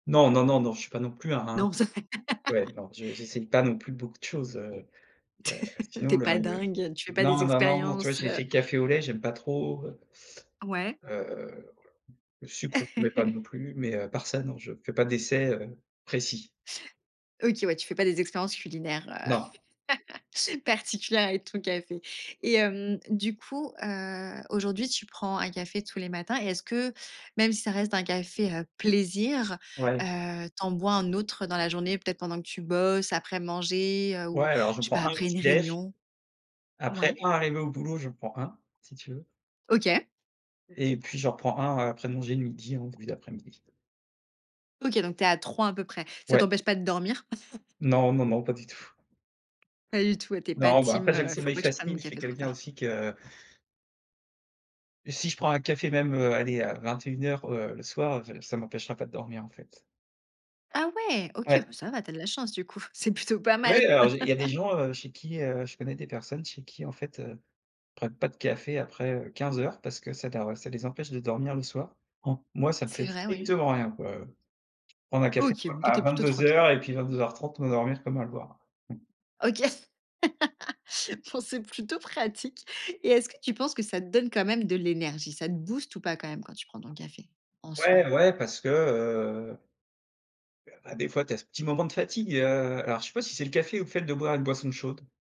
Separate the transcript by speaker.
Speaker 1: Non, non, non, non, je suis pas non plus un
Speaker 2: Non, ça
Speaker 1: ouais, non, j'e j'essaye pas non plus beaucoup de choses, heu
Speaker 2: T
Speaker 1: heu,
Speaker 2: tu
Speaker 1: sinon
Speaker 2: es
Speaker 1: là,
Speaker 2: pas
Speaker 1: le
Speaker 2: dingue, tu fais pas des
Speaker 1: non, non, non, non, tu vois?
Speaker 2: expériences,
Speaker 1: J'ai
Speaker 2: heu.
Speaker 1: essayé le café au lait, j'aime pas trop, heu
Speaker 2: Ouais.
Speaker 1: heu, voilà, le sucre, je mets pas non plus, mais à part ça, non, je fais pas d'essais, heu, précis.
Speaker 2: OK, ouais, tu fais pas des expériences culinaires,
Speaker 1: Non.
Speaker 2: heu, particulières avec ton café, et hem, du coup, heu, aujourd'hui, tu prends un café tous les matins, et est-ce que, même si ça reste un café, heu, plaisir,
Speaker 1: Ouais.
Speaker 2: heu, tu en bois un autre dans la journée, peut être pendant que tu bosses, après manger, heu,
Speaker 1: Ouais,
Speaker 2: ou
Speaker 1: alors, je
Speaker 2: je sais pas,
Speaker 1: prends 1 au
Speaker 2: après
Speaker 1: petit
Speaker 2: une
Speaker 1: déj
Speaker 2: réunion?
Speaker 1: après,
Speaker 2: Ouais.
Speaker 1: 1 arrivé au boulot, j'en prends 1 si tu veux.
Speaker 2: OK.
Speaker 1: Et puis, j'en prends 1, heu, après manger, le midi, en début d'après-midi.
Speaker 2: OK, donc tu es à 3 un peu près. Ça
Speaker 1: Ouais.
Speaker 2: t'empêche pas de dormir?
Speaker 1: Non, non, non, pas du tout.
Speaker 2: Pas du tout, tu es pas
Speaker 1: Non, bah,
Speaker 2: team,
Speaker 1: après, j'ai le
Speaker 2: heu: «Faut
Speaker 1: sommeil
Speaker 2: pas que je prenne
Speaker 1: facile,
Speaker 2: mon
Speaker 1: je suis
Speaker 2: café trop
Speaker 1: quelqu'un
Speaker 2: tard».
Speaker 1: aussi que si je prends un café, même, heu, allez, à 21:00, heu, le soir, heu, ça ça m'empêchera pas de dormir, en fait.
Speaker 2: Ah ouais, OK,
Speaker 1: Ouais.
Speaker 2: bah ça va, tu as de la chance, du coup, c'est plutôt pas mal.
Speaker 1: Ouais alors, j'ai il y a des gens, heu, chez qui, heu, je connais des personnes chez qui, en fait, heu, prennent pas de café après, heu, 15:00, parce que ça dor les empêche de dormir le soir. Moi ça me fait
Speaker 2: C'est vrai, oui.
Speaker 1: strictement rien, quoi, heu, prendre un café
Speaker 2: OK, bon, toi, tu
Speaker 1: à
Speaker 2: es plutôt
Speaker 1: vingt-deux
Speaker 2: tranquille.
Speaker 1: heures et puis 22:30, m'endormir comme un loir.
Speaker 2: OK bon, c'est plutôt pratique et est-ce que tu penses que ça te donne quand même de l'énergie, ça te booste ou pas, quand même quand tu prends ton café, en soi?
Speaker 1: Ouais, ouais, parce que, heu bah, des fois, tu as ce petit moment de fatigue, heu, alors, je sais pas si c'est le café, ou le fait de boire une boisson chaude.